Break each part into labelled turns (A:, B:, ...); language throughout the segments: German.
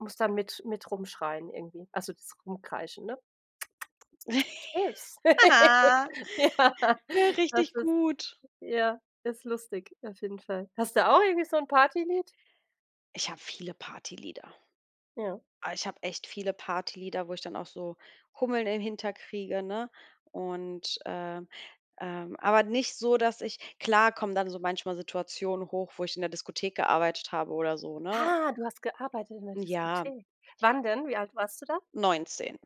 A: Muss da mit mit rumschreien irgendwie also das Rumkreischen, ne?
B: Ja.
A: [unintelligible] Ja, das
B: Richtig
A: ist
B: gut.
A: ja, das ist lustig auf jeden Fall. Hast du auch irgendwie so 'n Party-Lied?
B: Ich habe viele Partylieder.
A: Ja.
B: Oh, ich habe echt viele Partylieder, wo ich dann auch so Hummeln im Hinter kriege, ne? Und, äh, ähm aber nicht so, dass ich klar kommen dann so manchmal Situationen hoch, wo ich in der Diskothek gearbeitet habe oder so, ne?
A: Ah, du hast gearbeitet in der
B: Ja.
A: Diskothek. Wann denn? Wie alt warst du da?
B: 19.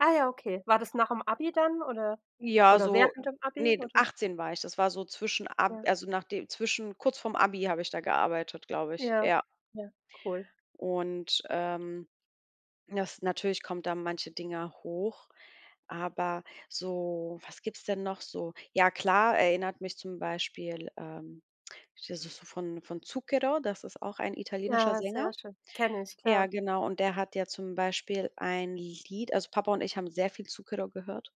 A: Ah ja, okay. War das nach dem Abi dann oder
B: Ja,
A: oder
B: so,
A: während dem Abi
B: ne,
A: oder s
B: 18 war ich. Das war so zwischen ab
A: Ja.
B: also, nach dem zwischen kurz vorm Abi habe ich da gearbeitet, glaube ich,
A: Ja,
B: ja.
A: ja, cool.
B: Und, ähm das natürlich kommt da manche Dinger hoch, aber so was gibt's denn noch so? Ja klar, erinnert mich zum Beispiel, ähm das ist so von von Zucchero, das ist auch ein italienischer
A: Ja,
B: Sänger.
A: sehr schön, kenne ich,
B: Ja,
A: klar.
B: genau. Und der hat ja zum Beispiel ein Lied also Papa und ich haben sehr viel Zucchero gehört.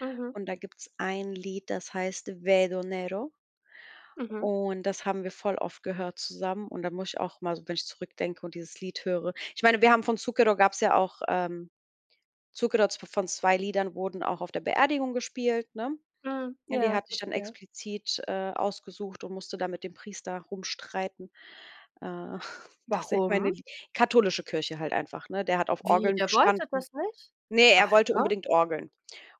A: Mhm.
B: Und da gibt's ein Lied, das heißt Vedo Nero.
A: Mhm.
B: Und das haben wir voll oft gehört zusammen. Und da muss ich auch mal so wenn ich zurückdenke und dieses Lied höre. Ich meine, wir haben von Zucchero gab's ja auch, ähm, Zucchero von 2 Liedern wurden auch auf der Beerdigung gespielt, ne?
A: Mhm,
B: Ne, die
A: ja,
B: hat ich dann
A: verstehe.
B: explizit, äh, ausgesucht und musste da mit dem Priester rumstreiten. Äh, dass ich meine
A: Warum?
B: lie katholische Kirche halt einfach, ne? Der hat auf
A: Wie,
B: Orgeln
A: der wollte
B: bestanden.
A: das nicht?
B: Ne,
A: Ach,
B: er wollte
A: ja?
B: unbedingt Orgeln.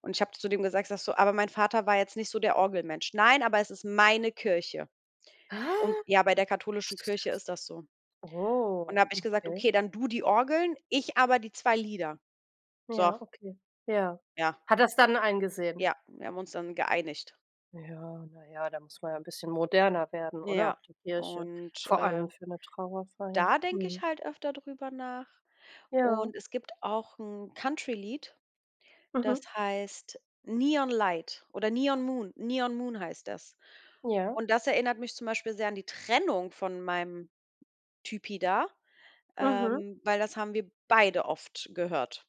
B: Und ich habe zu dem gesagt ich sage so: „Aber mein Vater war jetzt nicht so der Orgelmensch. Nein, aber es ist meine Kirche.“
A: Hä?
B: Und ja, bei der katholischen Kirche ist
A: [unintelligible]
B: das so. Und da
A: Oh,
B: hab ich gesagt:
A: okay.
B: „Okay, dann du die Orgeln, ich aber die 2 Lieder.“ So.
A: Ja. Okay. Ja.
B: Ja.
A: Hat er es dann eingesehen?
B: Ja, wir haben uns dann geeinigt.
A: Ja. Na ja, da muss man ja 'n bisschen moderner werden, oder?
B: Ja,
A: Auch die Kirche,
B: und,
A: vor
B: äh
A: allem für 'ne Trauerfeier.
B: Da denke ich
A: Mhm.
B: halt öfter drüber nach.
A: Ja.
B: Und es gibt auch 'n Country-Lied, das
A: Mhm.
B: heißt Neon Light oder Neon Moon. Neon Moon heißt das.
A: Ja.
B: Und das erinnert mich zum Beispiel sehr an die Trennung von meinem Typi da,
A: Mhm.
B: ähm, weil das haben wir beide oft gehört.